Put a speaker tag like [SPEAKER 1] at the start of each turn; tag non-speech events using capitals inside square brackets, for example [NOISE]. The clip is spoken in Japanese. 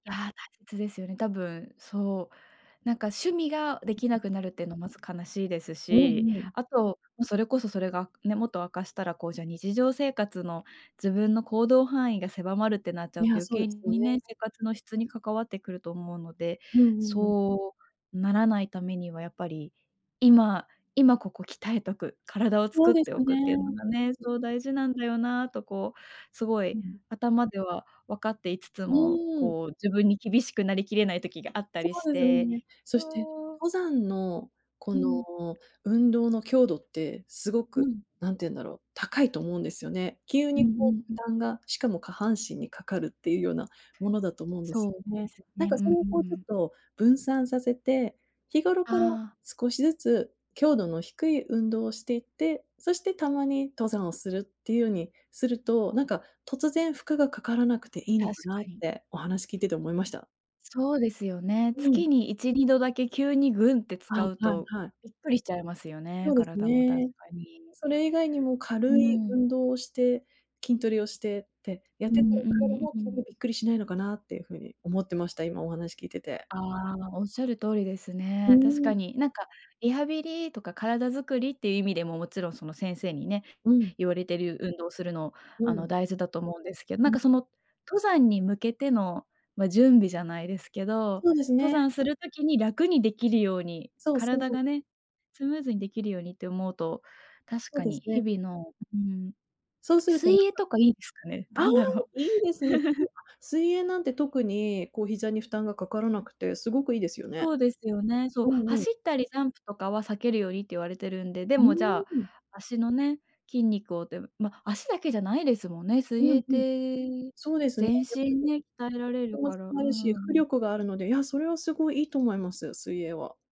[SPEAKER 1] ああ、大切ですよね。多分、そう。なんか趣味がで
[SPEAKER 2] ん、
[SPEAKER 1] きな
[SPEAKER 2] ん。
[SPEAKER 1] くなるっての、まず悲しいです
[SPEAKER 2] う
[SPEAKER 1] し、
[SPEAKER 2] んうん。
[SPEAKER 1] あと、それこそそれがね、もっと悪化したら、こう、じゃ、日常生活の自分の行動範囲が狭まるってなっちゃう
[SPEAKER 2] い
[SPEAKER 1] と
[SPEAKER 2] や、
[SPEAKER 1] 余
[SPEAKER 2] そうで
[SPEAKER 1] 計
[SPEAKER 2] すよね。
[SPEAKER 1] にね、生活の質に関わってくると思うので、
[SPEAKER 2] うんうんうん。
[SPEAKER 1] そうならないためにはやっぱり、今今ここ鍛えとく、体を
[SPEAKER 2] そ
[SPEAKER 1] 作
[SPEAKER 2] う
[SPEAKER 1] っ
[SPEAKER 2] です
[SPEAKER 1] ておくっていう
[SPEAKER 2] ね。
[SPEAKER 1] のがね、そう大事なんだよなとこう、すご
[SPEAKER 2] う
[SPEAKER 1] い
[SPEAKER 2] ん。
[SPEAKER 1] 頭では分かっていつつ
[SPEAKER 2] う
[SPEAKER 1] も、
[SPEAKER 2] ーん。
[SPEAKER 1] こう自分に厳しくなりきれない時があった
[SPEAKER 2] そ
[SPEAKER 1] りし
[SPEAKER 2] うですよ
[SPEAKER 1] て。
[SPEAKER 2] ね。そして、
[SPEAKER 1] そう。
[SPEAKER 2] 登山の、こ
[SPEAKER 1] うん。
[SPEAKER 2] の運動の強度って、すご
[SPEAKER 1] う
[SPEAKER 2] く、
[SPEAKER 1] ん。
[SPEAKER 2] 何て言うんだろう、高いと思うんですよね。急
[SPEAKER 1] うんう
[SPEAKER 2] にこ
[SPEAKER 1] ん
[SPEAKER 2] う
[SPEAKER 1] う
[SPEAKER 2] 負
[SPEAKER 1] ん。
[SPEAKER 2] 担が、しかも下半身にかかるっていうようなものだと思うんで
[SPEAKER 1] そ
[SPEAKER 2] す
[SPEAKER 1] う
[SPEAKER 2] よ
[SPEAKER 1] で
[SPEAKER 2] ね。
[SPEAKER 1] す
[SPEAKER 2] なん
[SPEAKER 1] ね。う
[SPEAKER 2] か
[SPEAKER 1] ん
[SPEAKER 2] それも
[SPEAKER 1] う
[SPEAKER 2] こう、
[SPEAKER 1] んう
[SPEAKER 2] ちょっ
[SPEAKER 1] ん。
[SPEAKER 2] と分散させて、日頃
[SPEAKER 1] あ
[SPEAKER 2] から
[SPEAKER 1] あ。
[SPEAKER 2] 少しずつ、強度の低い運動をしていって、そしてたまに、登山をするっていうようにすると、なんか、突然負荷がかからなくていいの
[SPEAKER 1] 確
[SPEAKER 2] かな
[SPEAKER 1] か
[SPEAKER 2] っ
[SPEAKER 1] に。
[SPEAKER 2] て、お話聞いてて思いました。
[SPEAKER 1] そうですよね。
[SPEAKER 2] う
[SPEAKER 1] 月
[SPEAKER 2] ん。
[SPEAKER 1] に1、2度だけ急にグンって
[SPEAKER 2] はい
[SPEAKER 1] 使う
[SPEAKER 2] はい
[SPEAKER 1] と、
[SPEAKER 2] はい。
[SPEAKER 1] びっくりしちゃいますよね、
[SPEAKER 2] そうです
[SPEAKER 1] 体も確
[SPEAKER 2] ね。
[SPEAKER 1] かに。
[SPEAKER 2] それ以外にも
[SPEAKER 1] うー
[SPEAKER 2] 軽い
[SPEAKER 1] ん。
[SPEAKER 2] 運動をして、筋トレをしてって、やっ
[SPEAKER 1] う
[SPEAKER 2] て、
[SPEAKER 1] んう
[SPEAKER 2] こう、体
[SPEAKER 1] ん
[SPEAKER 2] も
[SPEAKER 1] う
[SPEAKER 2] 急
[SPEAKER 1] ん。
[SPEAKER 2] にびっくりしないのかなっていう風に思ってました。今お話聞いてて。
[SPEAKER 1] ああ、おっしゃる通りです
[SPEAKER 2] う
[SPEAKER 1] ね。確
[SPEAKER 2] ーん。
[SPEAKER 1] かに。なんか、リハビリとか体づくりっていう意味でも、もちろんその先生にね、
[SPEAKER 2] うん。
[SPEAKER 1] 言われてる運動するの、
[SPEAKER 2] う
[SPEAKER 1] あの
[SPEAKER 2] ん。
[SPEAKER 1] 大事だと思うんですけど、な
[SPEAKER 2] う
[SPEAKER 1] ん
[SPEAKER 2] ん。
[SPEAKER 1] か、その登山に向けての、ま、準備じゃないですけど、
[SPEAKER 2] そうです
[SPEAKER 1] 登
[SPEAKER 2] ね。
[SPEAKER 1] 山する時に楽にできるように、
[SPEAKER 2] そうそ
[SPEAKER 1] 体
[SPEAKER 2] う。
[SPEAKER 1] がね、スムーズにできるようにって思うと、確
[SPEAKER 2] そう
[SPEAKER 1] か
[SPEAKER 2] で
[SPEAKER 1] に
[SPEAKER 2] す
[SPEAKER 1] 日
[SPEAKER 2] ね。
[SPEAKER 1] 々の、うん。
[SPEAKER 2] そうするとなんか
[SPEAKER 1] 水泳とかいいですかね？
[SPEAKER 2] ああ、
[SPEAKER 1] だんだろう。
[SPEAKER 2] いいですね。
[SPEAKER 1] [CHUCKLES]
[SPEAKER 2] [UNINTELLIGIBLE] 水泳なんて特に、こう膝に負担がかからなくて、すごくいいですよね。
[SPEAKER 1] そうですよね。そう、
[SPEAKER 2] うんう
[SPEAKER 1] 走
[SPEAKER 2] ん。
[SPEAKER 1] ったりジャンプとかは避けるようにって言われてるんで。で
[SPEAKER 2] う
[SPEAKER 1] もじゃ
[SPEAKER 2] ーん。
[SPEAKER 1] あ、脚のね、筋肉をで、ま、脚だけじゃないですもんね、水
[SPEAKER 2] う
[SPEAKER 1] 泳
[SPEAKER 2] ん
[SPEAKER 1] っ
[SPEAKER 2] うん。
[SPEAKER 1] て、
[SPEAKER 2] そうですね。
[SPEAKER 1] 全
[SPEAKER 2] やっぱ
[SPEAKER 1] 身ね、鍛えられ
[SPEAKER 2] り
[SPEAKER 1] る
[SPEAKER 2] [UNINTELLIGIBLE] も
[SPEAKER 1] か
[SPEAKER 2] 使
[SPEAKER 1] ら、うー
[SPEAKER 2] えるし、浮
[SPEAKER 1] ん。
[SPEAKER 2] 力があるので。いや、それはすごいいいと思いますよ、水泳は。